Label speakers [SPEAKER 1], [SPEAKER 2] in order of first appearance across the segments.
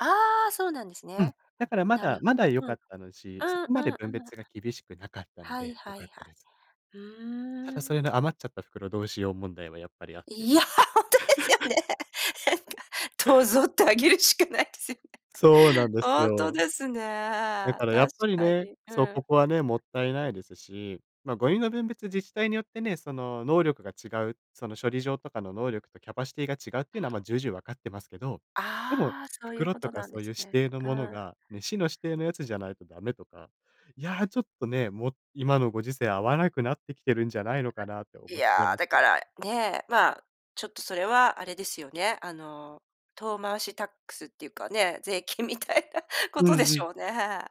[SPEAKER 1] ああ、そうなんです
[SPEAKER 2] うん、
[SPEAKER 1] ね。
[SPEAKER 2] だから、ま
[SPEAKER 1] なる
[SPEAKER 2] だまだ
[SPEAKER 1] ほ
[SPEAKER 2] 良
[SPEAKER 1] ど、う
[SPEAKER 2] かっ
[SPEAKER 1] ん、
[SPEAKER 2] たのうち、そ
[SPEAKER 1] うん
[SPEAKER 2] こまで
[SPEAKER 1] うんう
[SPEAKER 2] 分
[SPEAKER 1] んうん。
[SPEAKER 2] 別が厳しくなかったの
[SPEAKER 1] はい
[SPEAKER 2] で良
[SPEAKER 1] は
[SPEAKER 2] か
[SPEAKER 1] い
[SPEAKER 2] っ
[SPEAKER 1] は
[SPEAKER 2] たで
[SPEAKER 1] い。
[SPEAKER 2] す。
[SPEAKER 1] う
[SPEAKER 2] た
[SPEAKER 1] ー
[SPEAKER 2] だ、そ
[SPEAKER 1] ん。
[SPEAKER 2] れの余っちゃった袋どうしよう問題はやっぱりあって。
[SPEAKER 1] いや、ほんとですよね。どうぞってあげるしかないですよ
[SPEAKER 2] そうな
[SPEAKER 1] ね。
[SPEAKER 2] んです
[SPEAKER 1] ほんと
[SPEAKER 2] よ。
[SPEAKER 1] です
[SPEAKER 2] だ
[SPEAKER 1] ね、
[SPEAKER 2] からや
[SPEAKER 1] 確
[SPEAKER 2] っぱり
[SPEAKER 1] か
[SPEAKER 2] ね、
[SPEAKER 1] に、う
[SPEAKER 2] そう、こ
[SPEAKER 1] ん。
[SPEAKER 2] こはね、もったいないですし、まあ、ゴミの分別自治体によってね、その、能力が違うその処理場とかの能力とキャパシティが違うっていうのは、ま、重々分かってますけど、でも、
[SPEAKER 1] ああ、そういう
[SPEAKER 2] 袋
[SPEAKER 1] こ
[SPEAKER 2] と
[SPEAKER 1] と
[SPEAKER 2] か
[SPEAKER 1] なん
[SPEAKER 2] そ
[SPEAKER 1] で
[SPEAKER 2] ういう
[SPEAKER 1] す
[SPEAKER 2] 指
[SPEAKER 1] ね。
[SPEAKER 2] 定の
[SPEAKER 1] う
[SPEAKER 2] もの
[SPEAKER 1] ん。
[SPEAKER 2] が、ね、市の指定のやつじゃないとダメとか、いや、ちょっとね、もう、今のご時世合わなくなってきてるんじゃないのかなって
[SPEAKER 1] い
[SPEAKER 2] 思っちゃい
[SPEAKER 1] や、
[SPEAKER 2] ます
[SPEAKER 1] だ
[SPEAKER 2] け
[SPEAKER 1] か
[SPEAKER 2] ど。
[SPEAKER 1] ら、ね、まあ、ちょっとそれはあれですよね、あの、遠回しタックスっていうかね、税金みたいなこ
[SPEAKER 2] う
[SPEAKER 1] とで
[SPEAKER 2] んう
[SPEAKER 1] し
[SPEAKER 2] ん。
[SPEAKER 1] ょうね。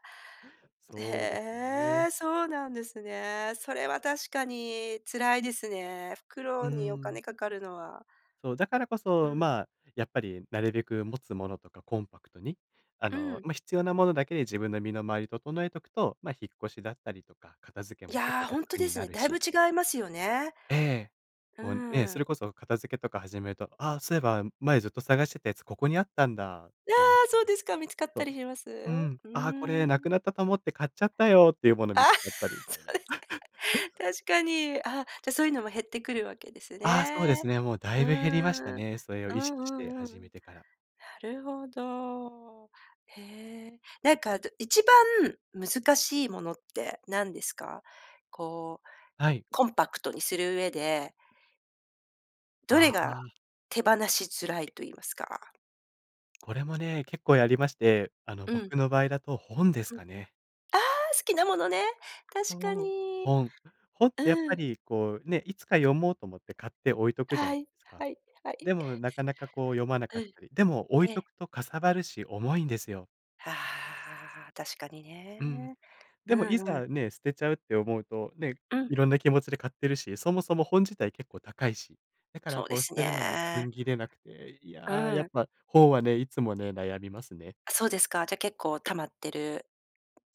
[SPEAKER 2] そうです
[SPEAKER 1] へ
[SPEAKER 2] ね。
[SPEAKER 1] え、そうなんですね。それは確かに辛いですね、
[SPEAKER 2] うー
[SPEAKER 1] 袋にお
[SPEAKER 2] ん。
[SPEAKER 1] 金かかるのは。
[SPEAKER 2] そう、だからこ
[SPEAKER 1] う
[SPEAKER 2] そ、
[SPEAKER 1] ん。
[SPEAKER 2] まあ、やっぱりなるべく持つものとかコンパクトに、あ
[SPEAKER 1] う
[SPEAKER 2] の、
[SPEAKER 1] ん。
[SPEAKER 2] まあ、必要なものだけで自分の身の回り整えとくと、ま、引っ越しだったりとか、片付け
[SPEAKER 1] い
[SPEAKER 2] も結構
[SPEAKER 1] や、ほんと
[SPEAKER 2] 楽
[SPEAKER 1] で
[SPEAKER 2] に
[SPEAKER 1] す
[SPEAKER 2] な
[SPEAKER 1] ね。
[SPEAKER 2] る
[SPEAKER 1] だいぶ
[SPEAKER 2] し。
[SPEAKER 1] 違いますよね。
[SPEAKER 2] ええ、
[SPEAKER 1] う
[SPEAKER 2] こうね、
[SPEAKER 1] ー
[SPEAKER 2] そ
[SPEAKER 1] ん。
[SPEAKER 2] れこそ片付けとか始めると、「あ、そういえば前ずっと探してたやつここにあったんだ」っ
[SPEAKER 1] あ
[SPEAKER 2] てなっ
[SPEAKER 1] あ、
[SPEAKER 2] た
[SPEAKER 1] そう
[SPEAKER 2] り。
[SPEAKER 1] ですか、見つかっ
[SPEAKER 2] そ
[SPEAKER 1] た
[SPEAKER 2] う。
[SPEAKER 1] りします？
[SPEAKER 2] うん。
[SPEAKER 1] うー
[SPEAKER 2] 「あ、これなくな
[SPEAKER 1] ん。
[SPEAKER 2] ったと思って買っちゃったよ」っていうもの
[SPEAKER 1] あ
[SPEAKER 2] 見
[SPEAKER 1] あ、
[SPEAKER 2] つかったりみ
[SPEAKER 1] そ
[SPEAKER 2] たいな。
[SPEAKER 1] うで すか。確かに、あ、じゃ、そういうのも減ってくるわけです
[SPEAKER 2] ああ、そうで
[SPEAKER 1] ね。
[SPEAKER 2] すね。もうだ
[SPEAKER 1] う
[SPEAKER 2] いぶ減りました
[SPEAKER 1] ーん。
[SPEAKER 2] ね。それを
[SPEAKER 1] う
[SPEAKER 2] 意識して
[SPEAKER 1] んうんう
[SPEAKER 2] 始
[SPEAKER 1] ん。
[SPEAKER 2] めてから。
[SPEAKER 1] なるほど。へえ、なんかあと、一番難しいものって何ですか？こう、
[SPEAKER 2] はい。
[SPEAKER 1] コンパクトにする上でど
[SPEAKER 2] あ
[SPEAKER 1] れが、
[SPEAKER 2] あ。
[SPEAKER 1] 手放しづらいと言いますか
[SPEAKER 2] これもね、結構やりまして、あの、
[SPEAKER 1] うん。
[SPEAKER 2] 僕の場合だと本です
[SPEAKER 1] うん、あ
[SPEAKER 2] かね。
[SPEAKER 1] あ、好きなものね。
[SPEAKER 2] そ
[SPEAKER 1] 確か
[SPEAKER 2] う、
[SPEAKER 1] に、
[SPEAKER 2] 本。本ってやっ
[SPEAKER 1] う
[SPEAKER 2] ぱ
[SPEAKER 1] ん。
[SPEAKER 2] りこうね、いつか読もうと思って買って置いとくじゃな
[SPEAKER 1] は
[SPEAKER 2] い
[SPEAKER 1] い、
[SPEAKER 2] ですか。
[SPEAKER 1] はいはい。
[SPEAKER 2] でも、なかなかこう読まな
[SPEAKER 1] う
[SPEAKER 2] かっ
[SPEAKER 1] ん。
[SPEAKER 2] たり。でも置い
[SPEAKER 1] え
[SPEAKER 2] と
[SPEAKER 1] え。
[SPEAKER 2] くとかさばるし重いんですよ。
[SPEAKER 1] ああ、確かに
[SPEAKER 2] うん。
[SPEAKER 1] ね。う
[SPEAKER 2] でも、い
[SPEAKER 1] んうん。
[SPEAKER 2] ざね、捨てちゃうって思うと、ね、
[SPEAKER 1] うん。
[SPEAKER 2] 色んな気持ちで買ってるし、そもそも本自体結構高いし。だから
[SPEAKER 1] そうで
[SPEAKER 2] こう捨
[SPEAKER 1] す
[SPEAKER 2] てるのも踏
[SPEAKER 1] ね。
[SPEAKER 2] ん切れなくて、い
[SPEAKER 1] う
[SPEAKER 2] や、や
[SPEAKER 1] ー
[SPEAKER 2] っ
[SPEAKER 1] ん。
[SPEAKER 2] ぱ本はね、いつもね、悩みますね。
[SPEAKER 1] あ、そうですか、じゃ結構溜まってる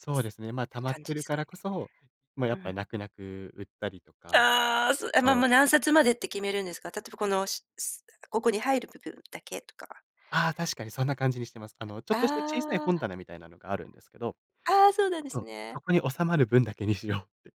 [SPEAKER 2] そうですね。まあ、溜まっ
[SPEAKER 1] 感じ
[SPEAKER 2] て
[SPEAKER 1] で
[SPEAKER 2] る
[SPEAKER 1] す
[SPEAKER 2] か
[SPEAKER 1] かね？
[SPEAKER 2] らこそ、まあ、や
[SPEAKER 1] う
[SPEAKER 2] っぱり
[SPEAKER 1] ん。
[SPEAKER 2] 泣く泣く売ったりとか
[SPEAKER 1] ああ、そう、え、ま、
[SPEAKER 2] そ
[SPEAKER 1] もう、
[SPEAKER 2] う。
[SPEAKER 1] 何冊までって決めるんですか？例えばこのおしす、なんか、ここに入る部分だけとか。
[SPEAKER 2] ああ、確かにそんな感じにしてます。あの、ちょっとした小さい
[SPEAKER 1] あ
[SPEAKER 2] 本
[SPEAKER 1] あ。
[SPEAKER 2] 棚みたいなのがあるんですけど、
[SPEAKER 1] ああ、そうなんで
[SPEAKER 2] そ
[SPEAKER 1] す
[SPEAKER 2] う、
[SPEAKER 1] ね。
[SPEAKER 2] そこに収まる分だけにしようって。